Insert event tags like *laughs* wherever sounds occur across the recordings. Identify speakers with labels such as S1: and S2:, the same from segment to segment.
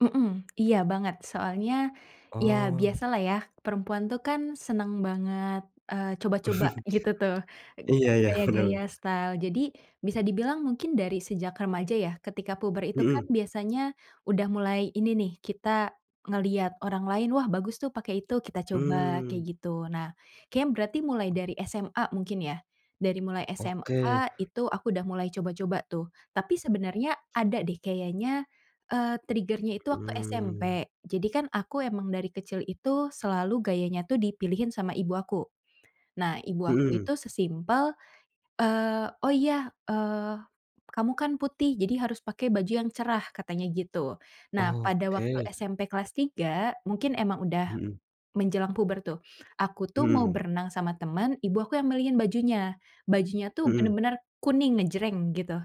S1: Mhm, iya banget. Soalnya ya
S2: Oh.
S1: biasalah ya perempuan tuh kan seneng banget, eee, coba-coba
S2: *chuckles*
S1: gitu tuh,
S2: Iya ya,
S1: gaya
S2: *chuckles*
S1: gaya,
S2: bener.
S1: style, jadi bisa dibilang mungkin dari sejak remaja ya ketika puber itu kan
S2: Mhm.
S1: biasanya udah mulai ini nih, kita ngelihat orang lain wah bagus tuh pakai itu, kita coba kayak
S2: Mmm.
S1: gitu. Nah kayaknya berarti mulai dari SMA mungkin ya, dari mulai
S2: Oke.
S1: SMA itu aku udah mulai coba-coba tuh tapi sebenarnya ada deh kayaknya, eee, trigger-nya itu waktu
S2: Mmm.
S1: SMP, jadi kan aku emang dari kecil itu selalu gayanya tuh dipilihin sama ibu aku. Nah ibu aku
S2: Mhm.
S1: itu se-simple, eee, oh iya, eee, "Kamu kan putih jadi harus pakai baju yang cerah," katanya gitu. Nah pada waktu
S2: Oke.
S1: SMP kelas 3 mungkin emang udah
S2: Mhm.
S1: menjelang puber tuh, aku tuh mau
S2: Mhm.
S1: berenang sama teman, ibu aku yang milihin bajunya, bajunya tuh
S2: Mhm.
S1: bener-bener kuning ngejreng gitu,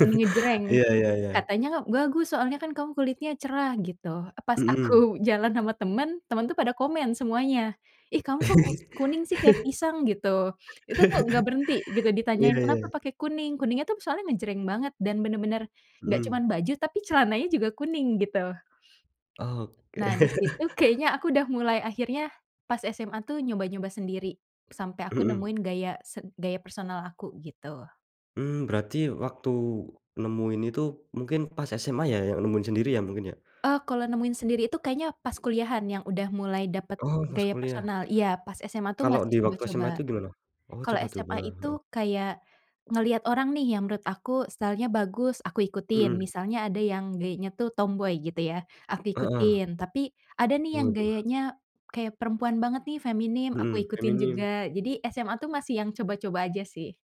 S1: kuning ngejreng.
S2: Iya iya iya.
S1: Katanya bagus soalnya kan kamu kulitnya cerah gitu, pas
S2: Mhm.
S1: aku *chuckles* jalan sama temen, temen tuh pada komen semuanya, ih kamu kok kus kuning sih kayak pisang gitu. Itu tuh gak
S2: *laughs*
S1: berhenti gitu
S2: Iya
S1: ditanyain, "Kenapa
S2: iya.
S1: pake kuning?" kuningnya tuh soalnya ngejreng banget dan bener-bener gak
S2: Mhm.
S1: cuman baju, tapi celananya juga kuning gitu.
S2: Oke.
S1: Nah di situ
S2: *chuckles*
S1: kayaknya aku udah mulai akhirnya pas SMA tuh nyoba-nyoba sendiri, sampe aku
S2: Mhm.
S1: nemuin gaya se gaya personal aku, gitu.
S2: Mmm, berarti waktu nemu ini tuh mungkin pas SMA ya, yang nemuin sendiri ya mungkin ya?
S1: Eee, kalau nemuin sendiri itu kayaknya pas kuliahan yang udah mulai dapet
S2: Oh pas
S1: gaya
S2: kuliah.
S1: personal, iya pas SMA tuh
S2: Kalau
S1: masih
S2: di waktu SMA itu
S1: coba-coba.
S2: gimana? Oh
S1: Kalo SMA
S2: coba-coba.
S1: itu kayak ngeliat orang nih yang menurut aku style-nya bagus, aku ikutin.
S2: Hmm.
S1: Misalnya ada yang gayanya tuh tomboy gitu ya, aku
S2: Heeh.
S1: ikutin, tapi ada nih yang
S2: Waduh.
S1: gayanya kayak perempuan banget nih feminim, aku
S2: Hmm,
S1: ikutin
S2: feminim.
S1: juga, jadi SMA tuh masih yang coba-coba aja sih.